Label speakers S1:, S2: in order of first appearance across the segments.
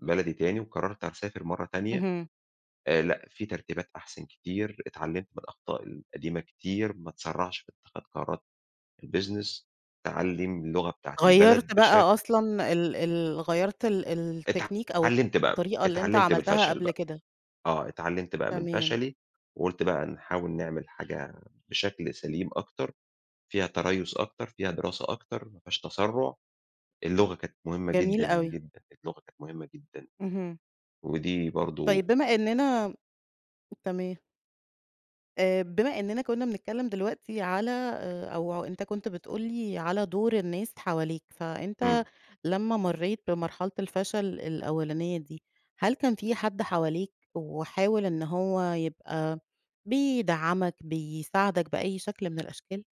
S1: بلدي تاني وقرّرت هاسافر مرّة تانية
S2: اهم.
S1: آآ، لأ في ترتيبات أحسن كتير اتعلّمت من الأخطاء القديمة كتير، ما اتسرّعش في إتخاذ قرارات الBusiness، اتعلّم اللغة بتاعة
S2: غيّرت
S1: البلد
S2: بقى
S1: بشكل
S2: أصلًا ال ال غيّرت ال الtechnique أو
S1: اتعلّمت بقى،
S2: الطريقة اللي أنت
S1: اتعلّمت من
S2: عملتها
S1: الفشل
S2: قبْل
S1: بقى.
S2: كده.
S1: آه، اتعلّمت بقى من
S2: تمام.
S1: فشلي وقُلت بقى نحاول نعمل حاجة بشكل سليم أكتر، فيها تريُّث أكتر، فيها دراسة أكتر، ما فيهاش تسرُّع، اللغة كانت مهمة جدًا،
S2: جميل أوي.
S1: جدًا، اللغة كانت مهمة جدًا
S2: اهم.
S1: ودي برضه
S2: طيب بما
S1: من
S2: إننا تمام. آآ، بما إننا كنا بنتكلّم دلوقتي على آآ، أو أنت كنت بتقول لي على دُور الناس حواليك، فأنت
S1: إمم.
S2: لمّا مرّيت بمرحلة الفشل الأولانية دي هل كان في حَد حواليك وحاول إن هو يبقى بيدعمك، بيساعدك بأي شكل من الأشكال؟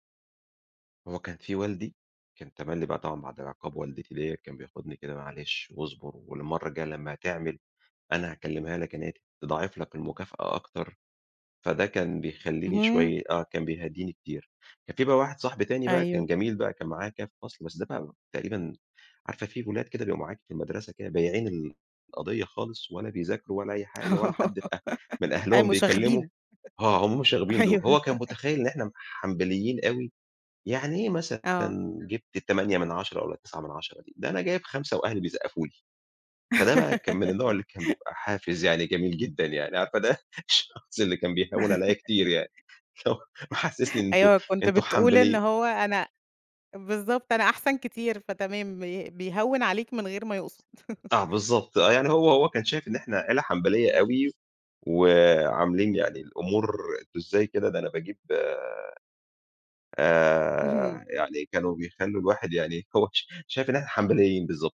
S1: هو كان في والدي، كان تملّي بقى طبعًا بَعد عِقاب والدتي ليَّ كان بياخدني كده، "معلش واصبُر والمرّة الجاية لمّا هتعمل أنا هاكلّمها لك إن هي ت تضاعف لك المكافأة أكتر." فده كان بيخلّيني
S2: اهم.
S1: شوية آه، كان بيهدّيني كتير. كان في بقى واحد صاحبي تاني بقى كان
S2: أيوه.
S1: جميل بقى، كان معايا كده في الفصل بس ده بقى تقريبًا عارفة، في ولاد كده بيبقوا معاكِ في المدرسة كده بايعين ال القضيّة خالص ولا بيذاكروا ولا أي حاجة ولا حد في أ من
S2: آآ
S1: أهلهم بيكلّمه،
S2: مشاغبين،
S1: آه، هُم المشاغبين دُول،
S2: أيوه.
S1: هو كان متخيّل إن إحنا حنبليين أوي، "يعني إيه مثلًا
S2: آه.
S1: جِبت 8 من 10 والّا 9 من 10 دي ده أنا جايب 5 وأهلي بيصقّفوا لي." فده بقى كان من النوع اللي كان بيبقى حافز يعني جميل جدًا يعني، عارفة ده الشخص اللي كان بيهوّن عليَّ كتير، يعني اللي هو محسّسني إن أنتم
S2: أيوه كنت
S1: أنتم
S2: بتقول إن
S1: حنبلي
S2: هو أنا بالضبط، أنا أحسن كتير فتمام، ب بيهوّن عليك من غير ما يقصُد.
S1: آه، بالضبط، آه، يعني هو هو كان شايف إن إحنا عيلة حنبلية أوي، وعاملين يعني الأمور أنتم إزاي كده، ده أنا باجيب
S2: اهم.
S1: آآ، يعني كانوا بيخلّوا الواحد يعني هو ش شايف إن إحنا حنبليين، بالضبط.